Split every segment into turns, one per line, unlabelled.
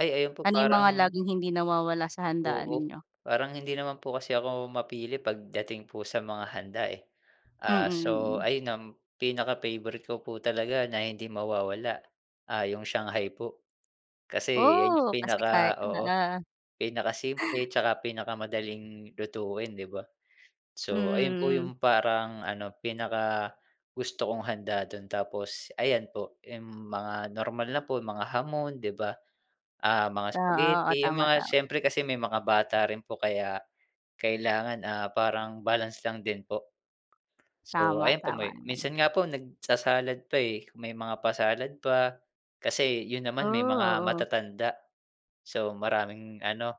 Ay, ayun po
Ano yung mga
parang
laging hindi nawawala sa handaan
Oo,
ninyo?
parang hindi naman po kasi ako mapili pagdating po sa mga handa, eh.
Mm,
Ah, so
mm.
ayun ang pinaka-favourite ko po talaga na hindi mawawala, ah, 'yung shanghai po. Kasi 'yan 'yung
Oh, kasi kay
pinaka oo,
oo.
pinaka simple tsaka pinakamadaling lutuin, 'di ba.
Mm,
So ayun po
mm.
'yung parang ano, pinakagusto kong handa dun, tapos ayan po, yung mga normal na po, mga hamon 'di ba, ah, mga
Oo. Oh,
spaghetti, yung
tama,
mga
tama.
siyempre kasi may mga bata rin po kaya kailangan, ah, parang balance lang din po. So
Tama,
ayan po,
tama
may
naman.
minsan nga po nagsa-salad pa, eh. May mga pa-salad pa, kasi yun
Oh,
naman may mga
oo.
matatanda. So maraming ano,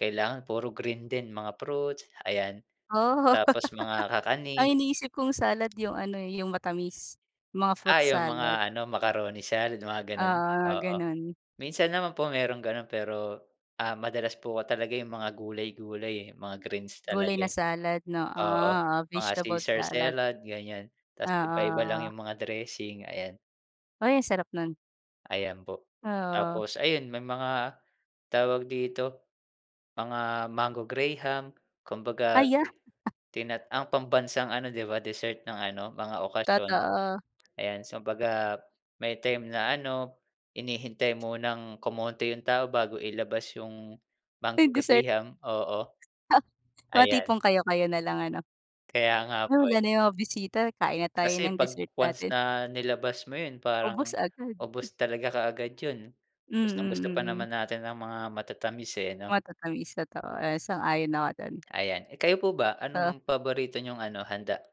kailangan puro green din, mga fruits, ayan.
Oo.
Tapos mga
Ang
kakanin.
iniisip kong salad yung ano, eh, yung matamis, mga fruit
Ah, yung mga
salad.
ano, macaroni salad mga ganun,
Oo,
oo.
ganun.
Minsan naman po mayroong gano'n pero, ah, madalas po talaga 'yung mga gulay-gulay, eh, mga greens
Gulay
talaga,
na
eh.
salad, 'no.
Oo,
Oo,
mga
vegetable
caesar
salad.
salad ganiyan,
Oo,
tas iba-iba lang
oo.
'yung mga dressing, ayan.
Uy, ang sarap nun.
Ayan po.
Oo.
Tapos ayun, may mga tawag dito, mga mango graham, kumbaga
Ay, yeah.
ti tina ang pambansang ano 'di ba, dessert ng ano, mga okasyon.
Totoo.
Ayan, so 'baga may time na ano, hinihintay munang kumonti 'yung tao bago ilabas yung mango
May dessert.
graham, oo.
Mga
Ayan.
tipong kayo-kayo na lang, ano.
Kaya nga
Ah,
po, eh.
wala na yung mga bisita, kain na tayo
Kasi
ng
‘pag
dessert
once
natin.
na nilabas mo yun,
Ubos
parang
agad.
ubos talaga kaagad yun. Gustong
Mm,
gusto pa
mm.
naman natin ang mga matatamis, eh, 'no.
Matatamis, totoo. Ah, sang-ayon ako do’n.
Ayan. Eh, kayo po ba,
Ha.
anong paborito niyong ano, handa?